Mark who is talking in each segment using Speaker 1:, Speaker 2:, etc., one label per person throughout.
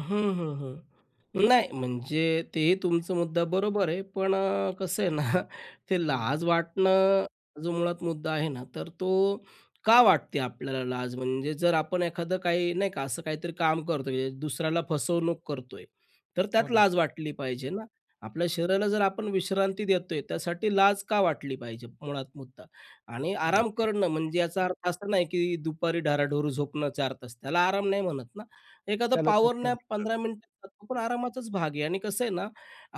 Speaker 1: हं, हं, हं. नाही म्हणजे ते तुमचा मुद्दा बरोबर आहे पण अ, कसं आहे ना ते
Speaker 2: हं.
Speaker 1: लाज वाटणं जो मुळात मुद्दा आहे ना, तर तो का वाटते आपल्याला लाज म्हणजे? जर आपण एखादं काही नाही का असं काहीतरी काम करतो, म्हणजे दुसऱ्याला फसवणूक करतोय. तर
Speaker 2: हो
Speaker 1: त्यात
Speaker 2: ना.
Speaker 1: लाज वाटली पाहिजे ना? आपल्या शरीराला जर आपण विश्रांती देतोय त्यासाठी लाज का वाटली पाहिजे मुळात मुद्दा? आणि आराम
Speaker 2: नक्की.
Speaker 1: करणं म्हणजे याचा अर्थ असा नाही की दुपारी ढाराढूर झोपणं 4 तास. त्याला आराम नाही म्हणत ना. एखादा
Speaker 2: त्याला
Speaker 1: पॉवर
Speaker 2: झोपणं
Speaker 1: नॅप
Speaker 2: म्हणतात.
Speaker 1: 15 मिनटाचं तो पण आरामाचाच भाग आहे आणि कसं आहे ना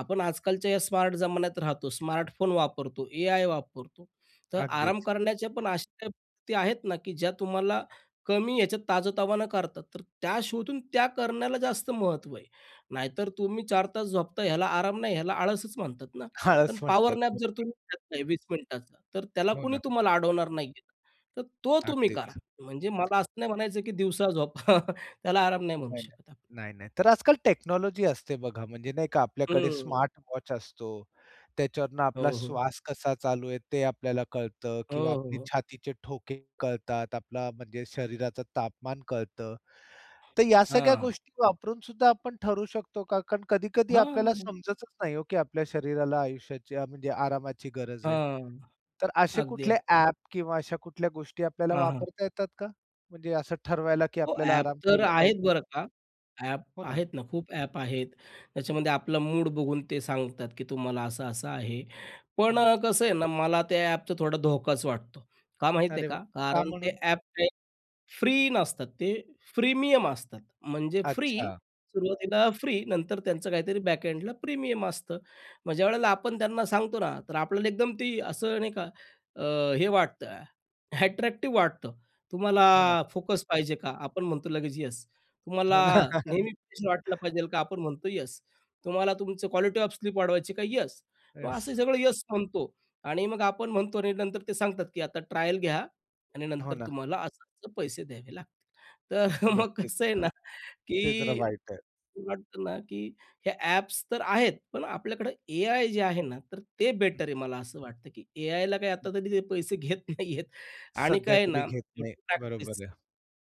Speaker 1: आपण आजकालच्या या स्मार्ट जमान्यात राहतो, स्मार्टफोन वापरतो, एआय वापरतो. तर आराम
Speaker 2: अगदीच.
Speaker 1: करण्याच्या पण अशा काही पद्धती आहेत ना की ज्या तुम्हाला कमी ह्याच्यात ताजं-तवानं करतात. तर त्या शोधून त्या करण्याला जास्त महत्व आहे. नाहीतर तुम्ही 4 तास झोपताय ह्याला आराम नाही. ह्याला आळसच म्हणतात ना.
Speaker 2: आळस
Speaker 1: पण पॉवर
Speaker 2: म्हणतात
Speaker 1: नॅप
Speaker 2: मग
Speaker 1: जर
Speaker 2: ते.
Speaker 1: तुम्ही घेतलाय 20 मिनिटाचा तर त्याला
Speaker 2: हो
Speaker 1: कोणी
Speaker 2: ना.
Speaker 1: तुम्हाला अडवणार नाही आहे. तर तो तुम्ही करा.
Speaker 2: अगदीच.
Speaker 1: म्हणजे मला असं नाही म्हणायचं की दिवसा झोपा. त्याला आराम नाही म्हणू
Speaker 2: नाही,
Speaker 1: शकत आपण.
Speaker 2: नाही, नाही, नाही. तर आजकाल टेक्नॉलॉजी असते बघा. म्हणजे नाही का आपल्याकडे
Speaker 1: हं.
Speaker 2: स्मार्ट वॉच असतो. त्याच्यावरून
Speaker 1: हो,
Speaker 2: आपला
Speaker 1: हो.
Speaker 2: श्वास कसा चालू आहे ते आपल्याला कळतं
Speaker 1: हो,
Speaker 2: किंवा
Speaker 1: हो,
Speaker 2: आपले
Speaker 1: हो.
Speaker 2: छातीचे ठोके कळतात. आपला म्हणजे शरीराचं तापमान कळतं. तर या सगळ्या
Speaker 1: हां.
Speaker 2: गोष्टी वापरून सुद्धा आपण ठरवू शकतो का? कारण कधी-कधी आपल्याला
Speaker 1: हां.
Speaker 2: समजतच नाही हो, की आपल्या शरीराला आयुष्याची म्हणजे आरामाची गरज आहे.
Speaker 1: हां.
Speaker 2: तर असे
Speaker 1: अगदी,
Speaker 2: कुठले
Speaker 1: अगदी, अगदी.
Speaker 2: ॲप किंवा अशा कुठल्या गोष्टी आपल्याला
Speaker 1: हां, हां.
Speaker 2: वापरता येतात का? म्हणजे असं ठरवायला की
Speaker 1: हो.
Speaker 2: आपल्याला
Speaker 1: ॲप
Speaker 2: आराम
Speaker 1: तर
Speaker 2: केला
Speaker 1: आहेत
Speaker 2: पाहिजे?
Speaker 1: बरं का. ॲप
Speaker 2: हो ना.
Speaker 1: आहेत ना. खूप ॲप आहेत. त्याच्यामध्ये आपलं मूड बघून ते सांगतात की तुम्हाला असं-असं आहे. पण
Speaker 2: हं.
Speaker 1: अ, कसं आहे ना मला त्या ॲपचा थोडा धोकाच वाटतो. का माहीत आहे
Speaker 2: अरे वाह!
Speaker 1: का?
Speaker 2: का
Speaker 1: कारण ते
Speaker 2: म्हणून?
Speaker 1: ॲप ते फ्री नसतात. ते प्रीमियम असतात. म्हणजे फ्री,
Speaker 2: अच्छा.
Speaker 1: सुरवातीला फ्री नंतर त्यांचं काहीतरी बॅकअँडला प्रीमियम असतं. मग ज्यावेळेला आपण त्यांना सांगतो ना तर आपल्याला एकदम ते असं नाही का अ, हे वाटतं, अट्रॅक्टिव्ह वाटतं.
Speaker 2: हो ना.
Speaker 1: तुम्हाला फोकस पाहिजे का? आपण म्हणतो लगेच येस.
Speaker 2: हो
Speaker 1: तुम्हाला
Speaker 2: ना.
Speaker 1: नेहमी फ्रेश वाटलं पाहिजेल का? आपण म्हणतो येस. तुम्हाला तुमचं क्वालिटी ऑफ स्लीप वाढवायची का? येस. मग असं
Speaker 2: येस.
Speaker 1: सगळं येस म्हणतो आणि मग आपण म्हणतो आणि नंतर ते सांगतात की आता ट्रायल घ्या आणि
Speaker 2: हो
Speaker 1: नंतर
Speaker 2: ना.
Speaker 1: तुम्हाला असं-असं पैसे द्यावे लागतील. तर मग
Speaker 2: नक्कीच.
Speaker 1: कसं आहे
Speaker 2: हं.
Speaker 1: ना
Speaker 2: ते जरा
Speaker 1: की
Speaker 2: वाईट आहे.
Speaker 1: वाटतं ना, की हे ॲप्स तर आहेत पण आपल्याकडे एआय जे आहे ना तर ते
Speaker 2: हं.
Speaker 1: बेटर आहे मला असं वाटतं, की एआयला काही आता
Speaker 2: हं.
Speaker 1: तरी पैसे घेत नाहीयेत. आणि
Speaker 2: सध्या
Speaker 1: काय आहे
Speaker 2: तरी
Speaker 1: ना
Speaker 2: घेत नाही.
Speaker 1: शेवटी
Speaker 2: बरोबर
Speaker 1: प्रॅक्टिस
Speaker 2: आहे.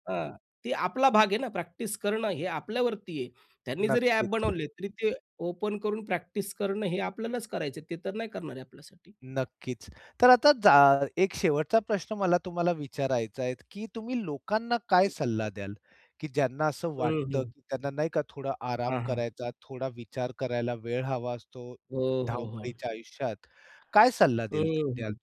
Speaker 1: हां ते आपला भाग आहे ना प्रॅक्टिस करणं हे आपल्यावरती आहे. त्यांनी जरी ॲप
Speaker 2: नक्कीच.
Speaker 1: बनवले तरी ते ओपन करून प्रॅक्टिस करणं हे आपल्यालाच करायचं आहे. ते तर नाही करणार आहे आपल्यासाठी.
Speaker 2: नक्कीच. तर आता जा एक शेवटचा प्रश्न मला तुम्हाला विचारायचा आहे, की तुम्ही लोकांना काय सल्ला द्याल? की ज्यांना असं
Speaker 1: हं,
Speaker 2: वाटतं
Speaker 1: हं.
Speaker 2: की त्यांना नाही का थोडा आराम
Speaker 1: हां, हां.
Speaker 2: करायचा, थोडा विचार करायला वेळ हवा असतो
Speaker 1: हो, हो, हो.
Speaker 2: धावपळीच्या आयुष्यात, काय सल्ला
Speaker 1: हं,
Speaker 2: दिल द्याल?
Speaker 1: हं.